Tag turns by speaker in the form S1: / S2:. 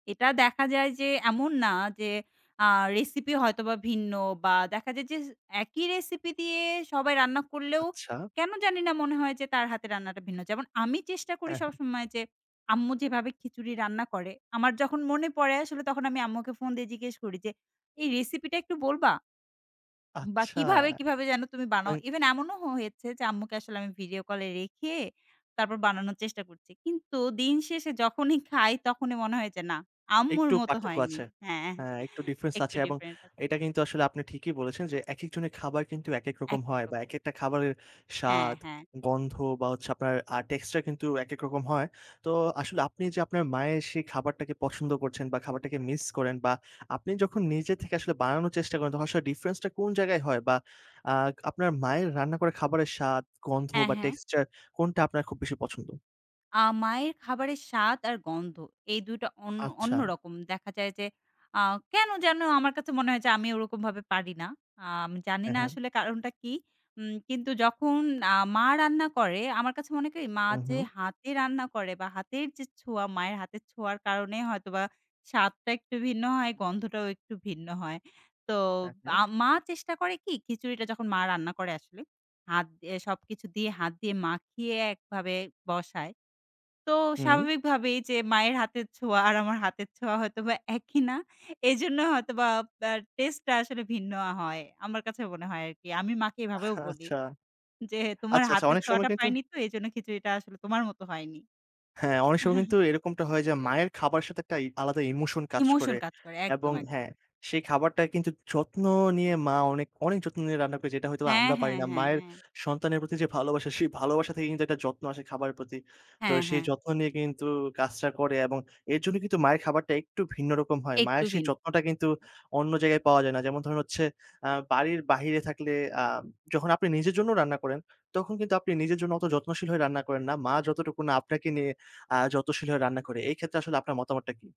S1: এটা দেখা যায় যে এমন না যে আ রেসিপি হয়তোবা ভিন্ন বা দেখা যায় যে, একই রেসিপি দিয়ে সবাই রান্না করলেও,
S2: আচ্ছা।
S1: কেন জানি না মনে হয় যে তার হাতে রান্নাটা ভিন্ন। যেমন আমি চেষ্টা করি
S2: হ্যাঁ, হ্যাঁ।
S1: সবসময় যে আম্মু যেভাবে খিচুড়ি রান্না করে। আমার যখন মনে পড়ে আসলে তখন আমি আম্মুকে ফোন দিয়ে জিজ্ঞেস করি যে, এই রেসিপিটা একটু বলবা? বা
S2: আচ্ছা।
S1: কিভাবে কিভাবে যেন তুমি বানাও?
S2: তাই।
S1: ইভেন এমনও হ হয়েছে যে আম্মুকে আসলে আমি ভিডিও কলে রেখে, তারপর বানানোর চেষ্টা করছি। কিন্তু দিন শেষে যখনই খাই তখনই মনে হয় যে না, আম্মুর
S2: একটু
S1: মত
S2: পার্থক্য
S1: হয়নি।
S2: আছে।
S1: হ্যাঁ
S2: হ্যাঁ, একটু ডিফারেন্স
S1: একটু
S2: আছে। এবং
S1: ডিফারেন্ট আছে।
S2: এটা কিন্তু আসলে আপনি ঠিকই বলেছেন যে একেক জনের খাবার কিন্তু একেক রকম
S1: একই
S2: হয়। বা
S1: রকম।
S2: একেকটা খাবারের
S1: হ্যাঁ,
S2: স্বাদ,
S1: হ্যাঁ।
S2: গন্ধ বা হচ্ছে আপনার আ টেস্টা কিন্তু একেক রকম হয়। তো আসলে আপনি যে আপনার মায়ের সেই খাবারটাকে পছন্দ করছেন বা খাবারটাকে মিস করেন। বা আপনি যখন নিজে থেকে আসলে বানানোর চেষ্টা করেন তখন আসলে ডিফারেন্স টা কোন জায়গায় হয়? বা আ আপনার মায়ের রান্না করা খাবারের স্বাদ, গন্ধ
S1: হ্যাঁ,
S2: বা
S1: হ্যাঁ।
S2: টেক্সচার কোনটা আপনার খুব বেশি পছন্দ?
S1: আ মায়ের খাবারের স্বাদ আর গন্ধ, এই ২ টা অন্য
S2: আচ্ছা।
S1: অন্যরকম। দেখা যায় যে আ কেন যেন আমার কাছে মনে হয় যে আমি ওরকমভাবে পারি না। আ আমি জানি
S2: হ্যাঁ,
S1: না
S2: হ্যাঁ।
S1: আসলে কারণটা কি। উম কিন্তু যখন আ মা রান্না করে আমার কাছে মনে হয় কি, মা
S2: হু,
S1: যে
S2: হু।
S1: হাতে রান্না করে বা হাতের যে ছোঁয়া, মায়ের হাতের ছোঁয়ার কারণে হয়তোবা স্বাদটা একটু ভিন্ন হয় গন্ধটাও একটু ভিন্ন হয়। তো
S2: হ্যাঁ, হ্যাঁ।
S1: আ মা চেষ্টা করে কি খিচুড়িটা যখন মা রান্না করে আসলে, হাত দিয়ে সবকিছু দিয়ে হাত দিয়ে মাখিয়ে একভাবে বসায়। তো
S2: হুম।
S1: স্বাভাবিকভাবে যে মায়ের হাতের ছোঁয়া আর আমার হাতের ছোঁয়া হয়তোবা একই না। এজন্য হয়তোবা আ টেস্ট টা আসলে ভিন্ন হয়। আমার কাছে মনে হয় আরকি। আমি মাকে এভাবেও বলি,
S2: আচ্ছা
S1: যে তোমার
S2: আচ্ছা, আচ্ছা।
S1: হাতের
S2: অনেক সময়
S1: ছোঁয়াটা
S2: কিন্তু
S1: পাইনি তো এজন্য খিচুড়িটা আসলে তোমার মত হয়নি।
S2: হ্যাঁ, অনেক সময় কিন্তু এরকমটা হয় যে মায়ের খাবারের সাথে একটা ই আলাদা ইমোশন কাজ
S1: ইমোশন
S2: করে।
S1: কাজ করে। একদম,
S2: এবং
S1: একদম।
S2: হ্যাঁ, সেই খাবারটা কিন্তু যত্ন নিয়ে মা অনেক, অনেক যত্ন নিয়ে রান্না করে যেটা হয়তো
S1: হ্যাঁ,
S2: আমরা পারি
S1: হ্যাঁ,
S2: না।
S1: হ্যাঁ,
S2: মায়ের
S1: হ্যাঁ।
S2: সন্তানের প্রতি যে ভালোবাসা সেই ভালোবাসা থেকে কিন্তু একটা যত্ন আসে খাবারের প্রতি। তো
S1: হ্যাঁ,
S2: সেই
S1: হ্যাঁ।
S2: যত্ন নিয়ে কিন্তু কাজটা করে। এবং এর জন্য কিন্তু মায়ের খাবারটা একটু ভিন্ন রকম হয়।
S1: একটু
S2: মায়ের সেই
S1: ভিন
S2: যত্নটা কিন্তু অন্য জায়গায় পাওয়া যায় না। যেমন ধরুন হচ্ছে আ বাড়ির বাহিরে থাকলে আ যখন আপনি নিজের জন্যও রান্না করেন। তখন কিন্তু আপনি নিজের জন্য অত যত্নশীল হয়ে রান্না করেন না। মা যতটুকু না আপনাকে নিয়ে আ যত্নশীল হয়ে রান্না করে। এই ক্ষেত্রে আসলে আপনার মতামতটা কী?